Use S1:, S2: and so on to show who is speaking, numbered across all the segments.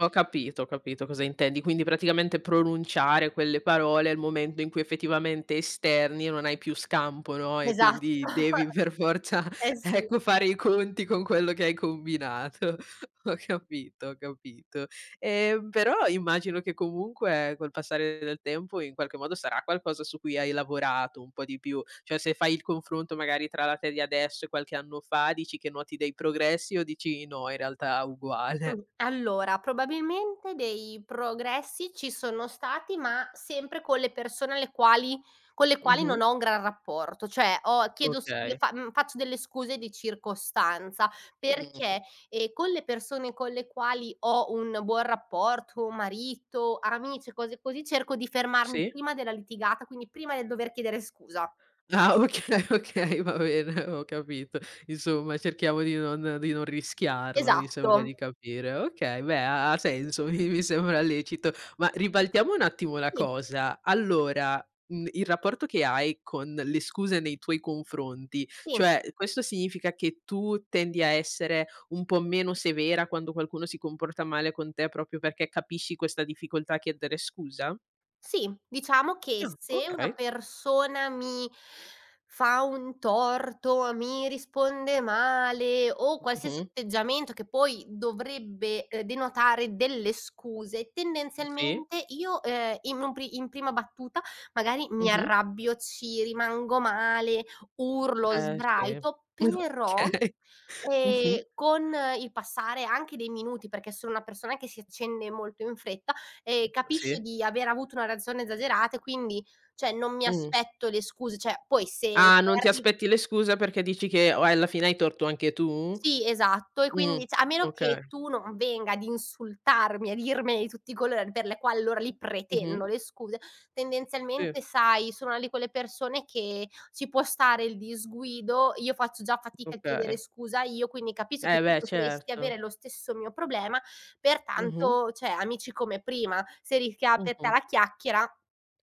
S1: Ho capito, ho capito cosa intendi. Quindi praticamente pronunciare quelle parole è il momento in cui effettivamente esterni e non hai più scampo, no,
S2: Esatto,
S1: e quindi devi, per forza,
S2: eh sì.
S1: ecco, fare i conti con quello che hai combinato. Ho capito, ho capito. Ehm, però immagino che comunque, col passare del tempo, in qualche modo sarà qualcosa su cui hai lavorato un po' di più. Cioè se fai il confronto magari tra la te di adesso e qualche anno fa, dici che noti dei progressi o dici no, in realtà uguale?
S2: Allora probabilmente dei progressi ci sono stati, ma sempre con le persone alle quali con le quali
S1: Mh-mh.
S2: non ho un gran rapporto. Cioè ho chiedo s le
S1: Okay.
S2: fa mhmm, faccio delle scuse di circostanza
S1: Mh-mh.
S2: perché, ehm, con le persone con le quali ho un buon rapporto, marito, amici e cose così, cerco di fermarmi
S1: Sì.
S2: prima della litigata, quindi prima del dover chiedere scusa.
S1: Ah okay, okay, va bene, ho capito. Insomma cerchiamo di non di non rischiarla, mi sembra
S2: Esatto.
S1: di capire. Okay, beh ha ha senso, mi mi sembra lecito. Ma ribaltiamo un attimo la
S2: Sì.
S1: cosa. Allora, mhmm, il rapporto che hai con le scuse nei tuoi confronti,
S2: Sì.
S1: cioè, questo significa che tu tendi a essere un po' meno severa quando qualcuno si comporta male con te, proprio perché capisci questa difficoltà a chiedere scusa?
S2: Sì, diciamo che
S1: Ah,
S2: se una
S1: okay.
S2: persona mi fa un torto, mi risponde male o qualsiasi
S1: Mh-mh.
S2: atteggiamento che poi dovrebbe, uhm, denotare delle scuse,
S1: Mh, sì.
S2: tendenzialmente io, ehm, in un pr in prima battuta magari mi
S1: Mh-mh.
S2: arrabbio, ci rimango male, urlo,
S1: Eh sì.
S2: sbraito, però,
S1: Okay.
S2: ehm,
S1: Mh-mh.
S2: con il passare anche dei minuti, perché sono una persona che si accende molto in fretta, ehm,
S1: [unintelligible]
S2: capisce
S1: Sì.
S2: di aver avuto una reazione esagerata e quindi, cioè, non mi
S1: Mh-mh.
S2: aspetto le scuse, cioè, poi se
S1: Ah,
S2: se
S1: non ti
S2: arri
S1: aspetti le scuse perché dici che o alla fine hai torto anche tu?
S2: Sì, esatto. E
S1: Mh,
S2: quindi cioè a meno che
S1: okay.
S2: tu non venga ad insultarmi, a dirmene di tutti i colori, per le quali allora lì
S1: Mh-mh.
S2: pretendo le scuse,
S1: Sì.
S2: tendenzialmente sai, sono una di quelle persone che ci può stare il disguido, io faccio già fatica a chiedere
S1: Okay.
S2: scusa io, quindi capisco che
S1: Eh
S2: tu
S1: beh
S2: potresti
S1: certo.
S2: avere lo stesso mio problema,
S1: Mh-mh.
S2: pertanto cioè amici come prima. Se rischia per te
S1: Mh-mh.
S2: la chiacchiera,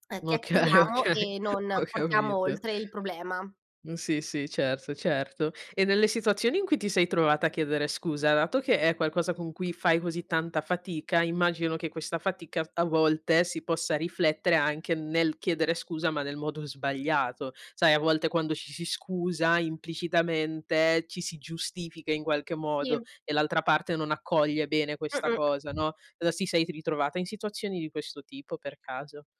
S2: uhm,
S1: Okay,
S2: chiacchieriamo
S1: okay,
S2: e non
S1: ho
S2: portiamo
S1: capito.
S2: oltre il problema.
S1: Mh, sì, sì, certo, certo. E nelle situazioni in cui ti sei trovata a chiedere scusa dato che è qualcosa con cui fai così tanta fatica, immagino che questa fatica f a volte si possa riflettere anche nel chiedere scusa, ma nel modo sbagliato. Sai, a volte quando ci si scusa, implicitamente, ci si giustifica in qualche modo
S2: Sì.
S1: e l'altra parte non accoglie bene questa cosa,
S2: Mh-mh.
S1: no. Uhm, si sei t ritrovata in situazioni di questo tipo per caso?